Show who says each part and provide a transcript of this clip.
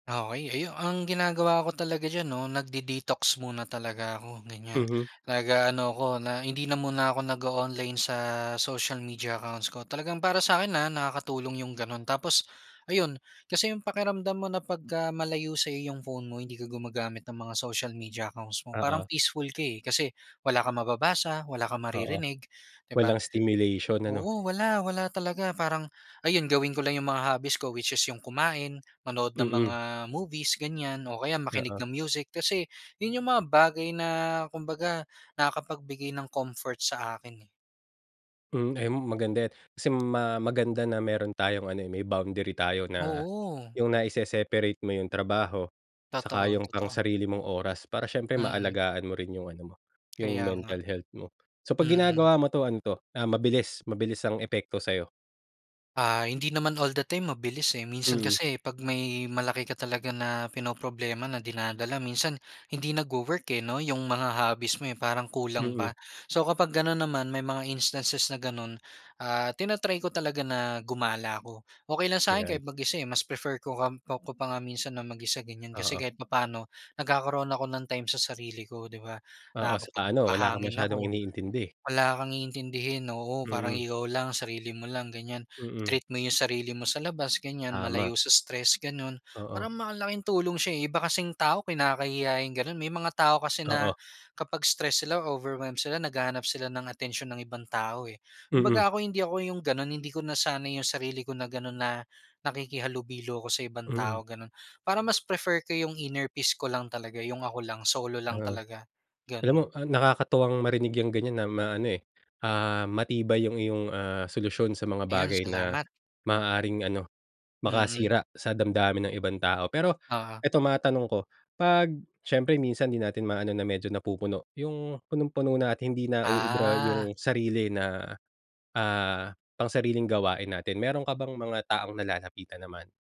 Speaker 1: Okey ayu ang ginagawa ko talaga diyan 'no, nagde-detox muna talaga ako, ganiyan.
Speaker 2: Mhm.
Speaker 1: Nag-aano ako na hindi na muna ako nag-o-online sa social media accounts ko. Talagang para sa'kin, ah, nakakatulong 'yung gano'n, tapos ayun, kasi 'yung pakiramdam mo na pagka malayo sa iyong phone mo hindi ka gumagamit ng mga social media accounts mo parang
Speaker 2: Oo.
Speaker 1: peaceful ka, eh, kasi wala kang mababasa, wala kang
Speaker 2: Oo.
Speaker 1: maririnig, di ba?
Speaker 2: Walang stimulation, ano?
Speaker 1: Oo, wala, wala talaga parang, ayun gawin ko lang 'yung mga hobbies ko which is 'yung kumain, manood ng mga
Speaker 2: Mm.
Speaker 1: movies ganiyan, o kaya makinig
Speaker 2: Oo.
Speaker 1: ng music, kasi 'yun 'yung mga bagay na kumbaga nakakapagbigay ng comfort sa akin, eh.
Speaker 2: Hmm, ayun maganda 'yan. Kasi ma maganda na meron tayong ano, eh, may boundary tayo na
Speaker 1: Oo.
Speaker 2: 'yung naise-separate mo 'yung trabaho saka
Speaker 1: Totoo,
Speaker 2: 'yung pang
Speaker 1: totoo.
Speaker 2: sarili mong oras para siyempre
Speaker 1: Mm.
Speaker 2: maalagaan mo rin 'yung ano mo, 'yung
Speaker 1: Kaya nga.
Speaker 2: mental health mo. So 'pag
Speaker 1: Mm.
Speaker 2: ginagawa mo 'to, ano 'to, ah, mabilis, mabilis ang epekto sa'yo?
Speaker 1: Ah, hindi naman all the time mabilis, eh. Minsan
Speaker 2: Mm.
Speaker 1: kasi 'pag may malaki ka talaga na pinoproblema na dinadala minsan hindi nagwo-work, eh, 'no, 'yung mga hobbies mo, eh, parang kulang
Speaker 2: Mm.
Speaker 1: pa. So kapag gano'n naman may mga instances na gano'n, ah, tina-try ko talaga na gumala ako. Okey lang sa akin
Speaker 2: Ayan.
Speaker 1: kahit mag-isa, eh, mas prefer ko ngamp ko pa nga minsan na mag-isa ganiyan. Kasi
Speaker 2: Oo.
Speaker 1: kahit papaano nagkakaroon ako ng time sa sarili ko, di ba?
Speaker 2: Oo, saka ano wala kang
Speaker 1: Nakakapagpahangin
Speaker 2: masyadong
Speaker 1: ako,
Speaker 2: iniintindi.
Speaker 1: wala kang iintindihin, oo, parang
Speaker 2: Mm.
Speaker 1: ikaw lang, sarili mo lang ganiyan.
Speaker 2: Mm.
Speaker 1: Treat mo 'yung sarili mo sa labas ganiyan,
Speaker 2: Tama.
Speaker 1: malayo sa stress gano'n.
Speaker 2: Oo.
Speaker 1: Parang malaking tulong siya, eh, 'yung iba kasing tao kinakahiya 'yung gano'n. May mga tao kasi
Speaker 2: Oo.
Speaker 1: na kapag stress sila o overwhelmed sila naghahanap sila ng atensyon ng ibang tao, eh.
Speaker 2: Mm.
Speaker 1: Kumbaga ako hindi ako 'yung gano'n hindi ko nasanay 'yung sarili ko na gano'n na nakikihalubilo ako sa ibang
Speaker 2: Mm.
Speaker 1: tao gano'n. Parang mas prefer ko 'yung inner peace ko lang talaga 'yung ako lang. Solo lang
Speaker 2: Oh.
Speaker 1: talaga,
Speaker 2: Alam mo,
Speaker 1: gano'n.
Speaker 2: ah, nakakatuwang marinig 'yang ganiyan na maano, eh, ah, matibay 'yung iyong, ah, solusyon sa mga
Speaker 1: Ayun,
Speaker 2: bagay na
Speaker 1: salamat.
Speaker 2: maaaring ano,
Speaker 1: Mm.
Speaker 2: makasira sa damdamin ng ibang tao. Pero
Speaker 1: Oo.
Speaker 2: ito matanong ko, 'pag siyempre minsan di natin ma-ano na medyo napupuno 'yung punong-puno na at hindi na uubra
Speaker 1: Ah.
Speaker 2: 'yung sarili na, ah, pangsariling gawain natin, meron ka bang mga taong nalalapitan naman?